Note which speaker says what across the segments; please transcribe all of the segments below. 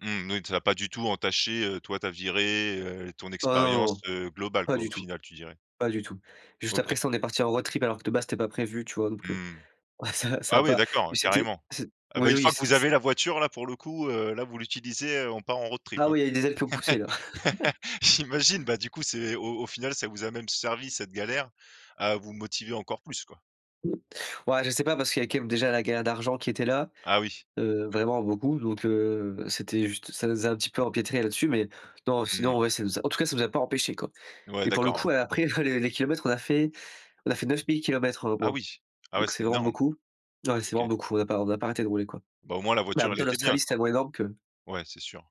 Speaker 1: Mmh n oui, ça a pas du tout entaché, heu, toi ta virée, heu, l ton
Speaker 2: Ah, non,
Speaker 1: expérience,
Speaker 2: non.
Speaker 1: heu, globale
Speaker 2: Pas
Speaker 1: quoi
Speaker 2: du
Speaker 1: au
Speaker 2: tout,
Speaker 1: final tu dirais?
Speaker 2: pas du tout. Juste après
Speaker 1: OK.
Speaker 2: ça, on est parti en road trip alors que de base, c'était pas prévu, tu vois? Donc, heu
Speaker 1: Mmh.
Speaker 2: ça ça a
Speaker 1: Ah ouais
Speaker 2: pas
Speaker 1: d'accord,
Speaker 2: oui
Speaker 1: heu,
Speaker 2: c'était
Speaker 1: carrément.
Speaker 2: c'est,
Speaker 1: Ah bah
Speaker 2: oui
Speaker 1: une
Speaker 2: oui
Speaker 1: fois que vous
Speaker 2: c'était
Speaker 1: avez
Speaker 2: c'est
Speaker 1: la voiture là pour le coup, heu, là vous l'utilisez, heu, on part en road trip
Speaker 2: Ah
Speaker 1: hein.
Speaker 2: oui, il y a eu des ailes qui ont poussé là.
Speaker 1: J'imagine, bah du coup c'est au au final ça vous a même servi cette galère, à vous motiver encore plus quoi.
Speaker 2: Ouais, je sais pas parce qu'il y a quand même déjà la galère d'argent qui était là.
Speaker 1: Ah oui.
Speaker 2: Heu, vraiment beaucoup. Donc, heu, ben c'était juste ça nous a un petit peu empêtrés là-dessus, mais non
Speaker 1: Mmh.
Speaker 2: sinon ouais ça nous a, en tout cas ça nous a pas empêchés, quoi
Speaker 1: Ouais
Speaker 2: et pour le
Speaker 1: d'accord, ouais.
Speaker 2: coup après les les kilomètres, on a fait on a fait 9 000 km en 1
Speaker 1: Ah
Speaker 2: mois.
Speaker 1: oui! Ah ouais,
Speaker 2: Donc
Speaker 1: c'est
Speaker 2: c'est vraiment
Speaker 1: énorme.
Speaker 2: beaucoup. Ouais c'est
Speaker 1: OK.
Speaker 2: vraiment beaucoup, on n'a pas on n'a pas arrêté de rouler, quoi.
Speaker 1: Bah au moins la
Speaker 2: Mais en
Speaker 1: voiture
Speaker 2: même
Speaker 1: elle
Speaker 2: temps
Speaker 1: était bien
Speaker 2: l'Australie c'est
Speaker 1: quoi.
Speaker 2: tellement énorme que
Speaker 1: Ouais, c'est sûr.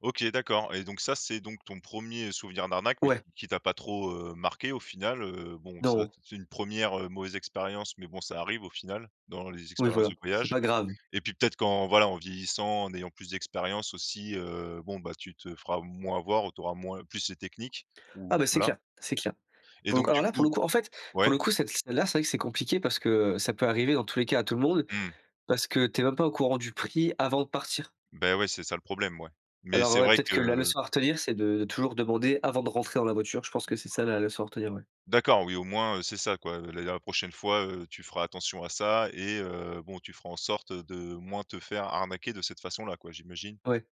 Speaker 1: OK d'accord et donc ça c'est donc ton premier, heu, souvenir d'arnaque mais qui
Speaker 2: Ouais.
Speaker 1: qui t'a pas trop, heu, marqué au final. Heu, bon ça
Speaker 2: Non.
Speaker 1: c c'est une première, heu, mauvaise expérience. Mais bon ça arrive au final, dans les
Speaker 2: Oui
Speaker 1: expériences
Speaker 2: voilà,
Speaker 1: de
Speaker 2: c'est
Speaker 1: voyage
Speaker 2: pas grave.
Speaker 1: et puis peut-être qu'en voilà, en vieillissant, en ayant plus d'expérience, aussi, heu, bon bah tu te feras moins avoir. Ou tu auras moins plus ces techniques
Speaker 2: Ah
Speaker 1: ou
Speaker 2: bah c'est
Speaker 1: voilà.
Speaker 2: clair, c'est clair.
Speaker 1: Et
Speaker 2: Pour le coup,
Speaker 1: donc
Speaker 2: alors
Speaker 1: du
Speaker 2: là pour le
Speaker 1: coup
Speaker 2: coup, en fait pour
Speaker 1: ouais?
Speaker 2: le coup, cette celle-là c'est vrai que c'est compliqué. Parce que ça peut arriver dans tous les cas à tout le monde,
Speaker 1: Mmh.
Speaker 2: parce que tu es même pas au courant du prix avant de partir
Speaker 1: Beh ouais, c'est ça le problème ouais. Mais
Speaker 2: alors
Speaker 1: c'est
Speaker 2: ouais,
Speaker 1: vrai
Speaker 2: peut-être que la
Speaker 1: que
Speaker 2: leçon à retenir, c'est de toujours demander avant de rentrer dans la voiture. Je pense que c'est ça la leçon à retenir, ouais.
Speaker 1: D'accord, oui au moins, heu, c'est ça quoi. Heu, la der la prochaine fois, heu, tu feras attention à ça et heu, bon tu feras en sorte de moins te faire arnaquer de cette façon là quoi, j'imagine.
Speaker 2: Ouais.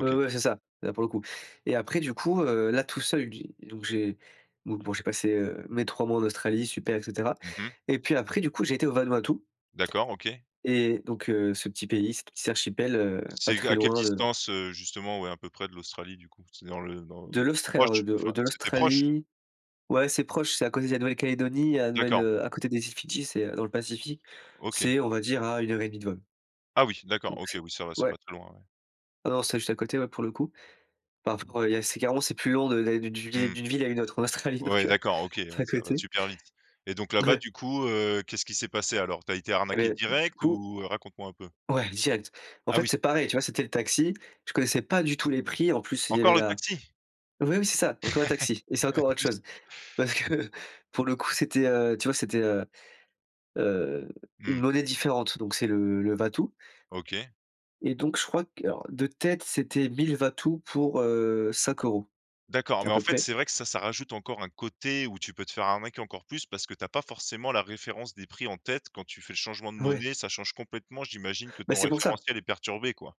Speaker 2: Ouais, ouais, c'est ça, là pour le coup et après du coup, heu, là tout seul j'ai, donc j'ai, donc bon j'ai passé, heu, mes 3 mois en Australie super et cetera
Speaker 1: Mmh mh.
Speaker 2: et puis après du coup j'ai été au Vanuatu
Speaker 1: D'accord OK.
Speaker 2: et donc, heu, ce petit pays, cette petite archipel, heu, pas
Speaker 1: C'est g
Speaker 2: très
Speaker 1: à quelle
Speaker 2: loin de
Speaker 1: distance, heu, justement ouais à peu près de l'Australie du coup? C'est dans le dans
Speaker 2: De
Speaker 1: le
Speaker 2: l'Austra alors
Speaker 1: proche?
Speaker 2: de
Speaker 1: Enfin,
Speaker 2: de
Speaker 1: c'était proche?
Speaker 2: l'Australie. Ouais c'est proche, c'est à côté de la Nouvelle-Calédonie, la Nouvelle
Speaker 1: D'accord.
Speaker 2: heu à côté des îles Fidji, c'est, heu, dans le Pacifique,
Speaker 1: OK.
Speaker 2: c'est on va dire à 1 heure et 1/2 de vol
Speaker 1: Ah oui d'accord,
Speaker 2: donc
Speaker 1: OK.
Speaker 2: c'est
Speaker 1: Oui ça va c'est
Speaker 2: ouais.
Speaker 1: pas très loin, ouais.
Speaker 2: Ah non, c'était juste à côté ouais pour le coup. Enfin, f re il y a c'est carrément c'est plus long de d'aller d'une vué
Speaker 1: Mmh.
Speaker 2: d'une ville à une autre en Australie donc,
Speaker 1: Ouais
Speaker 2: heu,
Speaker 1: d'accord, OK.
Speaker 2: c'est
Speaker 1: Ouais,
Speaker 2: à
Speaker 1: ça va
Speaker 2: côté.
Speaker 1: super vite et donc là-bas
Speaker 2: Ouais.
Speaker 1: du coup, heu, qu'est-ce qui s'est passé alors? Tu as été
Speaker 2: Et
Speaker 1: arnaqué
Speaker 2: beh du
Speaker 1: direct
Speaker 2: coup
Speaker 1: ou? Raconte-moi un peu!
Speaker 2: Ouais direct. En
Speaker 1: Ah
Speaker 2: fait
Speaker 1: oui.
Speaker 2: c'est pareil, tu vois? C'était le taxi, je connaissais pas du tout les prix, en plus il y avait
Speaker 1: Encore le
Speaker 2: la
Speaker 1: taxi?
Speaker 2: oui, oui, c'est ça, encore un
Speaker 1: Ouais,
Speaker 2: taxi et c'est
Speaker 1: un de
Speaker 2: encore autre
Speaker 1: plus
Speaker 2: chose. Parce que pour le coup, c'était, heu, tu vois? C'était, heu, heu, une
Speaker 1: Mmh.
Speaker 2: monnaie différente, donc c'est le le Vatu
Speaker 1: OK.
Speaker 2: et donc je crois que, alors de tête, c'était 1 000 Vatu pour, heu, 5€
Speaker 1: D'accord,
Speaker 2: à
Speaker 1: mais en
Speaker 2: peu
Speaker 1: fait
Speaker 2: près.
Speaker 1: c'est vrai que ça, ça rajoute encore un côté où tu peux te faire arnaquer encore plus. Parce que tu as pas forcément la référence des prix en tête quand tu fais le changement de
Speaker 2: Ouais.
Speaker 1: monnaie. Ça change complètement, j'imagine que
Speaker 2: Bah
Speaker 1: ton
Speaker 2: c'est pour ça.
Speaker 1: référentiel est perturbé, quoi.